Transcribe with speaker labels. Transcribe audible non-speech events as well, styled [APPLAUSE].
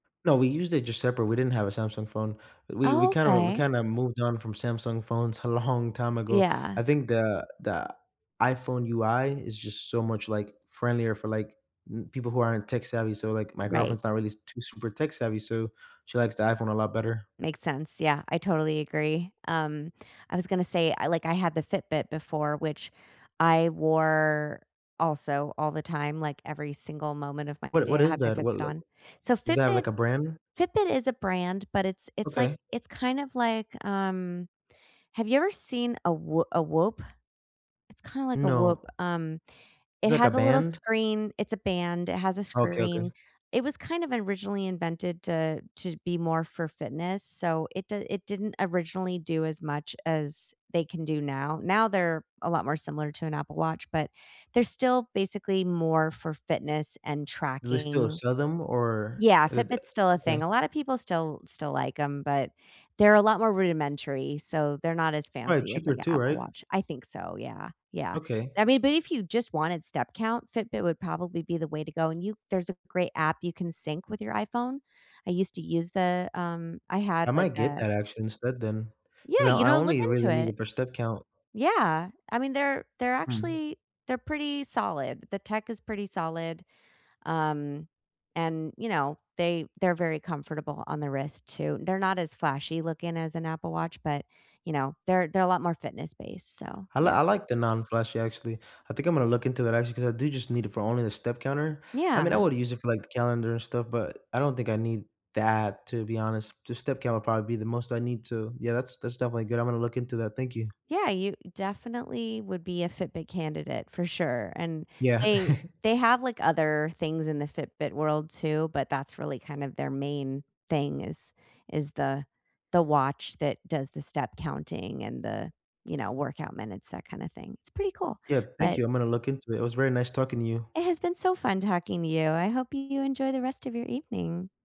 Speaker 1: No, we used it just separate, we didn't have a Samsung phone. We we
Speaker 2: Oh,
Speaker 1: kinda r we
Speaker 2: okay.
Speaker 1: kinda moved on from Samsung phones a long time ago.
Speaker 2: Yeah.
Speaker 1: I think the the iPhone UI is just so much, like, friendlier for, like, n people who aren't tech-savvy, so, like, my
Speaker 2: Right.
Speaker 1: girlfriend's not really too super tech-savvy, so she likes the iPhone a lot better.
Speaker 2: Makes sense, yeah, I totally agree. Um, I was gonna say, I like, I had the Fitbit before, which I wore, also, all the time, like every single moment of my
Speaker 1: What i what
Speaker 2: day, I
Speaker 1: is
Speaker 2: had my
Speaker 1: that? What,
Speaker 2: Fitbit
Speaker 1: l
Speaker 2: on. So,
Speaker 1: is that,
Speaker 2: Fitbit
Speaker 1: like, a brand?
Speaker 2: Fitbit is a brand, but it's it's like
Speaker 1: Okay.
Speaker 2: it's kind of like, um, have you ever seen a W a Whoop? It's kinda like a Whoop.
Speaker 1: No.
Speaker 2: Um,
Speaker 1: It's,
Speaker 2: it
Speaker 1: like, a
Speaker 2: has a little
Speaker 1: band?
Speaker 2: screen, it's a band, it has a
Speaker 1: Okay, okay.
Speaker 2: screen. It was kind of originally invented to to be more for fitness, so, it d it didn't originally do as much as they can do now. Now they're a lot more similar to an Apple Watch, but they're still basically more for fitness and
Speaker 1: Do they still
Speaker 2: tracking.
Speaker 1: sell them, or
Speaker 2: Yeah,
Speaker 1: i d
Speaker 2: Fitbit's still a thing,
Speaker 1: okay.
Speaker 2: a lotta people still still like 'em, but they're a lot more rudimentary, so they're not as
Speaker 1: Probably
Speaker 2: fancy as,
Speaker 1: cheaper
Speaker 2: like, a
Speaker 1: too,
Speaker 2: Apple
Speaker 1: right?
Speaker 2: Watch. I think so, yeah, yeah.
Speaker 1: Okay.
Speaker 2: I mean, but if you just wanted step count, Fitbit would probably be the way to go, and you there's a great app you can sync with your iPhone. I used to use the, um I had,
Speaker 1: I
Speaker 2: like,
Speaker 1: might get
Speaker 2: a
Speaker 1: that actually instead then, 'cause
Speaker 2: Yeah,
Speaker 1: I o
Speaker 2: you
Speaker 1: I
Speaker 2: know, look
Speaker 1: only
Speaker 2: into
Speaker 1: really need
Speaker 2: it.
Speaker 1: it for step count.
Speaker 2: Yeah, I mean, they're they're
Speaker 1: Mhm.
Speaker 2: actually they're pretty solid. The tech is pretty solid. Um, and, you know, they they're very comfortable on the wrist too. They're not as flashy looking as an Apple Watch, but, you know, they're they're a lot more fitness based, so,
Speaker 1: I l
Speaker 2: yeah.
Speaker 1: I like the non-flashy, actually. I think I'm gonna look into that, actually, 'cause I do just need it for only the step counter. I mean, I
Speaker 2: Yeah.
Speaker 1: woulda used it for, like, the calendar and stuff, but I don't think I need that, to be honest. The step count would probably be the most I need to yeah. That's that's definitely good. I'm gonna look into that, thank you.
Speaker 2: Yeah, you definitely would be a Fitbit candidate for sure. And,
Speaker 1: Yeah.
Speaker 2: they
Speaker 1: [CHUCKLES]
Speaker 2: they have, like, other things in the Fitbit world too, but that's really kind of their main thing is is the the watch that does the step counting and the, you know, workout minutes, that kinda thing. It's pretty cool.
Speaker 1: Yeah. Thank
Speaker 2: But
Speaker 1: you, I'm gonna look into it, it was very nice talking to you.
Speaker 2: It has been so fun talking to you, I hope you enjoy the rest of your evening.